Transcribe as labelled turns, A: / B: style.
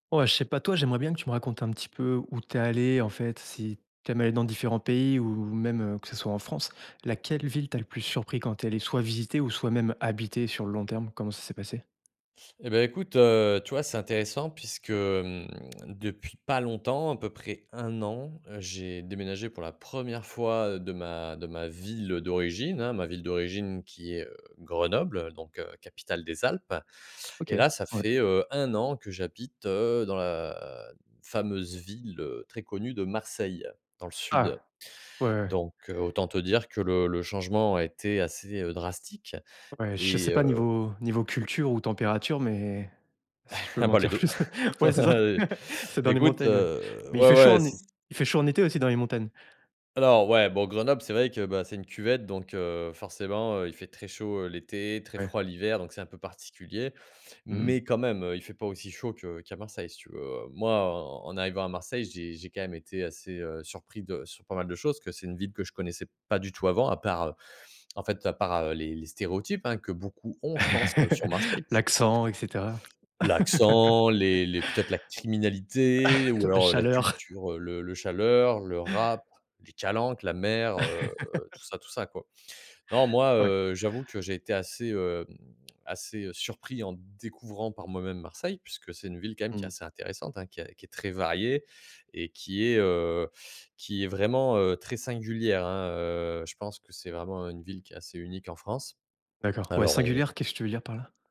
A: Ouais, je sais pas toi, j'aimerais bien que tu me racontes un petit peu où tu es allé, en fait, si tu aimes aller dans différents pays ou même, heu, que ce soit en France? Laquelle ville t'a le plus surpris quand tu es allé soit visiter ou soit même habiter sur le long terme? Comment ça s'est passé?
B: Et beh, écoute, heu, tu vois, c'est intéressant puisque, mmh, depuis pas longtemps, à peu près 1 an, heu, j'ai déménagé pour la 1re fois, heu, de ma de ma ville, heu, d'origine, hein. Ma ville d'origine qui est, heu, Grenoble, heu, donc heu, capitale des Alpes. Et
A: OK,
B: là, ça
A: ouais.
B: fait, heu, 1 an que j'habite, heu, dans la fameuse ville, heu, très connue de Marseille, dans le sud.
A: Ah. Ouais, ouais, ouais.
B: Donc heu, autant te dire que le le changement a été assez, heu, drastique,
A: Ouais, je
B: et
A: sais pas,
B: heu
A: niveau niveau culture ou température, mais si tu peux
B: Ah
A: m'en
B: bah, les
A: dire
B: 2.
A: plus, ouais, c'est ça. C'est dans les
B: Écoute,
A: montagnes, oui.
B: heu,
A: Mais il fait
B: ouais,
A: chaud
B: ouais,
A: en é
B: c'est
A: il fait chaud en été aussi dans les montagnes?
B: Alors, ouais, bon, Grenoble, c'est vrai que, bah, c'est une cuvette, donc heu, forcément, heu, il fait très chaud, heu, l'été, très
A: Ouais.
B: froid l'hiver, donc c'est un peu particulier.
A: Mmh mh.
B: Mais quand même, heu, il fait pas aussi chaud que qu'à Marseille, si tu veux. Moi, en en arrivant à Marseille, j'ai j'ai quand même été assez, heu, surpris de sur pas mal de choses, que c'est une ville que je connaissais pas du tout avant, à part, en fait, à part, heu, les les stéréotypes, hein, que beaucoup ont, je pense que sur Marseille puisque
A: L'accent et cetera.
B: L'accent, les les peut-être la criminalité, ou
A: La
B: alors la
A: chaleur.
B: culture, le le chaleur, le rap, les calanques, la mer, heu, tout ça, tout ça, quoi. Non, moi,
A: Oui.
B: heu, j'avoue que j'ai été assez, hem, assez, heu, surpris en découvrant par moi-même Marseille. Puisque c'est une ville quand même qui est
A: Mmh.
B: assez intéressante, hein, qui a qui est très variée et qui est, heu, qui est vraiment, heu, très singulière, hein, heu, je pense que c'est vraiment une ville qui est assez unique en France.
A: D'accord, ouais.
B: Alors on
A: «Singulière», qu'est-ce tu veux dire par là?